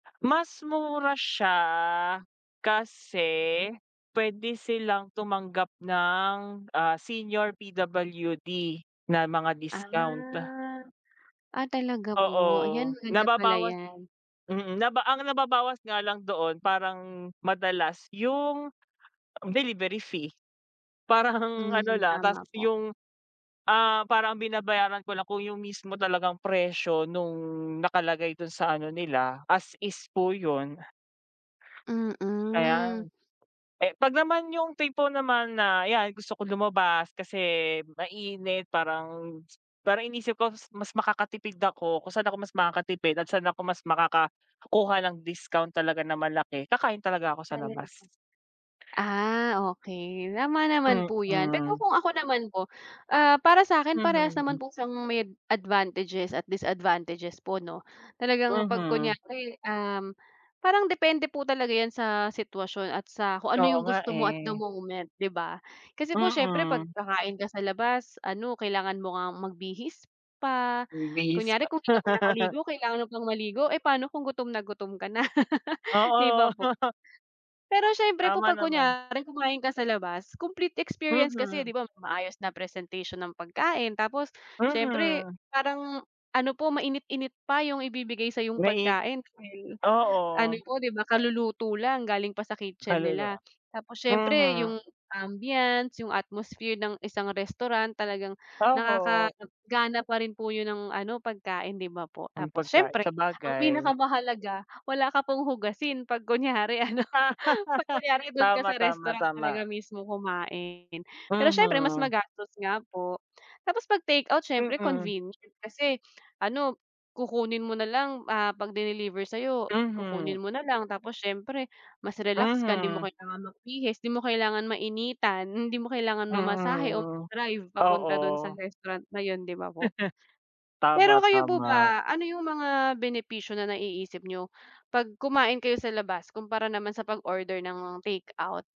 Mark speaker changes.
Speaker 1: Mas mura siya kasi pwede silang tumanggap ng, ah, senior, PWD na mga
Speaker 2: Ah,
Speaker 1: discount.
Speaker 2: ah, talaga
Speaker 1: Oo,
Speaker 2: po? Ayan maganda pala
Speaker 1: nababawas
Speaker 2: iyan.
Speaker 1: mm naba ang nababawas nga lang doon parang madalas yung delivery fee. Parang ano
Speaker 2: Mm
Speaker 1: lang, tapos
Speaker 2: tama po.
Speaker 1: yung, ah, parang binabayaran ko lang kung yung mismo talagang presyo nung nakalagay dun sa ano nila, as is po yun. Kaya,
Speaker 2: Mm.
Speaker 1: eh kapag naman yung tipo naman na iyan, gusto kong lumabas kasi mainit parang parang inisip ko mas makakatipid ako kung saan ako mas makakatipid at saan ako mas makakakuha ng discount talaga na malaki, kakain talaga ako sa
Speaker 2: Kaya naman.
Speaker 1: labas.
Speaker 2: Ah, okey tama naman po iyan pero
Speaker 1: Mm.
Speaker 2: kung ako naman po, ah, para sa akin parehas naman
Speaker 1: Mhm.
Speaker 2: po sang may advantages at disadvantages po 'no, talagang kapag
Speaker 1: Mhm.
Speaker 2: kunyari, um, parang depende po talaga iyan sa sitwasyon at sa kung ano
Speaker 1: Oo
Speaker 2: yung
Speaker 1: nga
Speaker 2: gusto mo at the
Speaker 1: eh.
Speaker 2: moment 'di ba? Kasi po siyempre kapag
Speaker 1: Mm.
Speaker 2: kakain ka sa labas ano kailangan mo ngang magbihis pa,
Speaker 1: Magbihis
Speaker 2: kunyari
Speaker 1: pa.
Speaker 2: kung hindi ka pa nakaligo kailangan mo pang maligo eh, paano kung gutom na gutom ka na. 'Di ba
Speaker 1: Oo.
Speaker 2: po? Pero siyempre po
Speaker 1: Tama
Speaker 2: kapag
Speaker 1: naman.
Speaker 2: kunyari kumain ka sa labas, complete experience kasi
Speaker 1: Mhm.
Speaker 2: 'di ba maayos na presentation ng pagkain, tapos siyempre
Speaker 1: Mhm.
Speaker 2: parang ano po mainit-init pa yung ibibigay sayong
Speaker 1: Na it
Speaker 2: pagkain okey, ano
Speaker 1: oo.
Speaker 2: po 'di ba kaluluto lang galing pa sa kitchen
Speaker 1: Kaluluwa.
Speaker 2: nila tapos siyempre
Speaker 1: Mhm.
Speaker 2: yung ambiance, yung atmosphere ng isang restaurant talagang
Speaker 1: Oho.
Speaker 2: nakakagana pa rin po yun ng ano pagkain 'di ba po
Speaker 1: Ang
Speaker 2: tapos
Speaker 1: pagkai
Speaker 2: siyempre, ang
Speaker 1: sabagay.
Speaker 2: pinakamahalaga wala ka pong hugasin kapag kunyari ano kapag kunyari dun ka
Speaker 1: Tama,
Speaker 2: sa
Speaker 1: tama,
Speaker 2: restaurant
Speaker 1: tama.
Speaker 2: talaga mismo kumain. Pero siyempre mas
Speaker 1: Mhm.
Speaker 2: magastos nga po. Tapos kapag takeout siyempre
Speaker 1: Mm.
Speaker 2: convenient kasi ano kukunin mo na lang, ah, kapag diniliver sa iyo
Speaker 1: Mhm.
Speaker 2: kukunin mo nalang tapos siyempre mas relax ka hindi mo
Speaker 1: Mhm.
Speaker 2: kailangan magbihis, di mo kailangan mainitan, hindi mo kailangan mamasahe, o
Speaker 1: Mhm,
Speaker 2: mag-drive papunta dun sa
Speaker 1: oo.
Speaker 2: restaurant na yun 'di ba po? Pero kayo po
Speaker 1: Tama-tama.
Speaker 2: ba ano yung mga benepisyo na naiisip niyo, kapag kumain kayo sa labas kumpara naman sa pag-order ng takeout?